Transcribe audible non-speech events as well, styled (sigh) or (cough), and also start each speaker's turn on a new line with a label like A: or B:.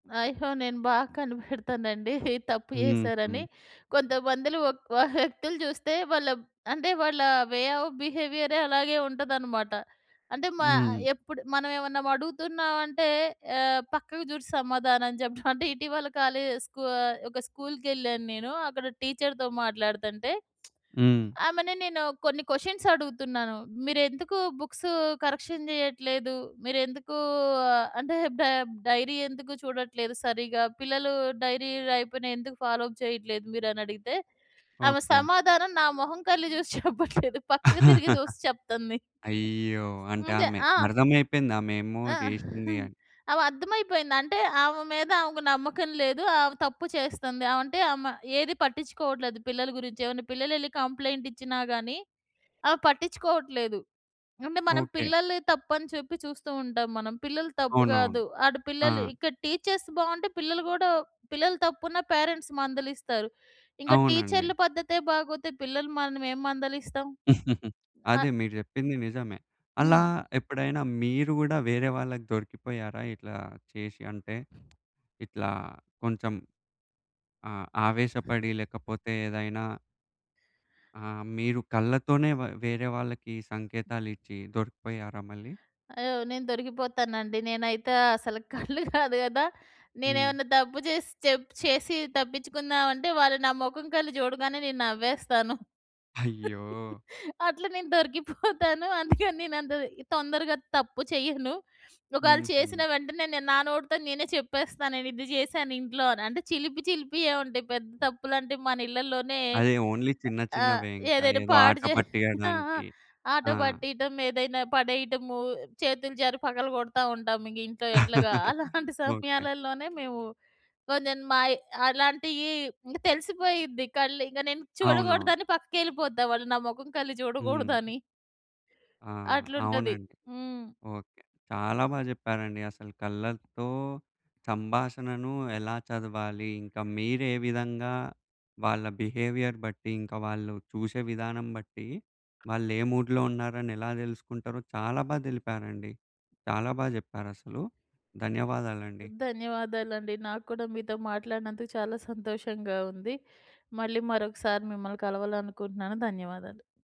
A: అయ్యో! నేను బాగా కనిపెడతానండి తప్పు
B: హుహు.
A: చేశారని. కొంతమంది‌లో ఒక్ వ వ్యక్తులు జూస్తే వాళ్ళ అంటే, వాళ్ళా వే ఆఫ్ బిహేవియరే అలాగే ఉంటుదనమాట. అంటే, మా
B: హ్మ్.
A: ఎప్పుడు మనవేవన్నా వడుగుతున్నావంటే ఆహ్, పక్కకు జూసి సమాధానం చెప్పడం. అంటే, ఇటీవల కాలేజ్, స్కూ ఆహ్, ఒక స్కూల్‌కేళ్ళాను నేను. అక్కడ టీచర్‌తో మాట్లాడతంటే,
B: హ్మ్.
A: (smacks lips) ఆమెని నేను కొన్ని కొషన్సడుగుతున్నాను. "మీరెందుకు బుక్సూ కరెక్షన్ చెయ్యట్లేదు? మీరెందుకూ ఆహ్, అంటే బె డైరీ ఎందుకు చూడట్లేదు సరిగ్గా? పిల్లలూ డైరీ రాయికపోయిన ఎందుకు ఫాలో అప్ చెయ్యట్లేదు మీరనడిగితే," ఆమె
B: ఓకే.
A: సమాధానం నా మొహం, కళ్ళు జూసి చెప్పట్లేదు. పక్కకి తిరిగి
B: (laughs)
A: జూసి చెప్తంది.
B: అయ్యో! అంటే,
A: అదే.
B: ఆమె
A: ఆ!
B: అర్థమైపోయిందామేమో
A: ఆ!
B: జేషింది
A: (chuckles)
B: అని.
A: ఆమె అర్థమైపోయింది. అంటే, ఆమె మీద ఆమెకు నమ్మకం లేదు, ఆమె తప్పు చేస్తంది. ఆవంటే ఆమె ఏదీ పట్టిచ్చుకోవట్లేదు పిల్లల గురించి. ఏవన్నా పిల్లలెళ్ళి కంప్లెయింటిచ్చినా గానీ, ఆమె పట్టిచ్చుకోవట్లేదు. అంటే, మనం
B: ఓకే.
A: పిల్లలిదే తప్పని చెప్పి చూస్తూ ఉంటాం మనం. పిల్లలు తప్పు
B: అవునవును.
A: గాదు, ఆడ
B: ఆ!
A: పిల్లలు ఇక్కడ టీచర్స్ బావుంటే పిల్లలు గూడా, పిల్లలు తప్పున్నా పేరెంట్స్ మందలిస్తారు. ఇంక
B: అవునండి.
A: టీచర్ల పద్ధతే బాగోతే పిల్లలని మనమేం మందలిస్తాం.
B: (chuckles) అదే.
A: ఆగ్
B: మీరు జెప్పింది నిజమే. అలా
A: హ్మ్.
B: ఎప్పుడైనా మీరు గూడా వేరే వాళ్ళకి దొరికిపోయారా ఇట్లా చేసి? అంటే, ఇట్లా కొంచెం ఆహ్, ఆవేశపడి లేకపోతే ఏదైనా ఆ! మీరు కళ్ళతోనే వ వేరే వాళ్ళకి సంకేతాలిచ్చీ దొరికిపోయారా మళ్ళీ?
A: అయ్యో! నేను దొరికిపోతానండి. నేనైతే అసలు కళ్ళు గాదు గదా!
B: హ్మ్.
A: నేనేవన్నా తప్పు జేసి చెప్ చేసి తప్పిచ్చుకుందావంటే, వాళ్ళు నా మొఖం కల్లి జూడగానే నేను నవ్వేస్తాను.
B: అయ్యో!
A: అట్ల నేను దొరికిపోతాను. అందుకని నేనంత తొందరగా తప్పు చెయ్యను. ఒకాళ చేసిన
B: హుహు.
A: వెంటనే, నేను నా నోటితోనే నేనే చెప్పేస్తాను, నేనిది జేశానింట్లో అని. అంటే, చిలిపి చిలిపియే ఉంటాయి. పెద్ద తప్పులంటే మనిళ్ళలోనే
B: అదే. ఓన్లీ చిన్న
A: ఆ!
B: చిన్నవే ఇంక.
A: ఏదైనా
B: ఏదో
A: పాడు
B: ఆట
A: జే ఆ! ఆ!
B: పట్టియ్యడానికి.
A: ఆట
B: ఆ!
A: పట్టీటం, ఏదైనా పడేయటము, చేతులు జారి పగలగొడతావుంటాం ఇంగింట్లో ఎట్లాగా.
B: (laughs)
A: అలాంటి
B: ఓకే.
A: సమయాలల్లోనే మేవు కొంచెం మాయి అలాంటియీ ఇంగ తెలిసిపోయిద్ది కళ్ళు. ఇంగ నేను
B: అవునవును.
A: చూడకూడదని పక్కకెళ్ళిపోతా వాళ్ళు నా మొఖం‌ కల్లి
B: హ్మ్.
A: జూడకూడదని.
B: ఆ!
A: అట్లుంటది.
B: అవునండి.
A: హ్మ్.
B: ఓకే. చాలా బా జెప్పారండి. అసలు కళ్ళతో సంభాషణను ఎలా చదవాలి, ఇంక మీరే విధంగా వాళ్ళ బిహేవియర్ బట్టి, ఇంక వాళ్ళు చూసే విధానం బట్టీ, వాళ్ళే మూడ్‌లో ఉన్నారని ఎలా తెలుసుకుంటారో చాలా బా దెలిపారండి. చాలా బా జెప్పారసలు. ధన్యవాదాలండి.
A: ధన్యవాదాలండి. నాకు కూడా మీతో మాట్లాడినందుకు చాలా సంతోషంగా ఉంది. మళ్ళీ మరొకసారి మిమ్మల్ని కలవాలనుకుంటన్నాను. ధన్యవాదాలు.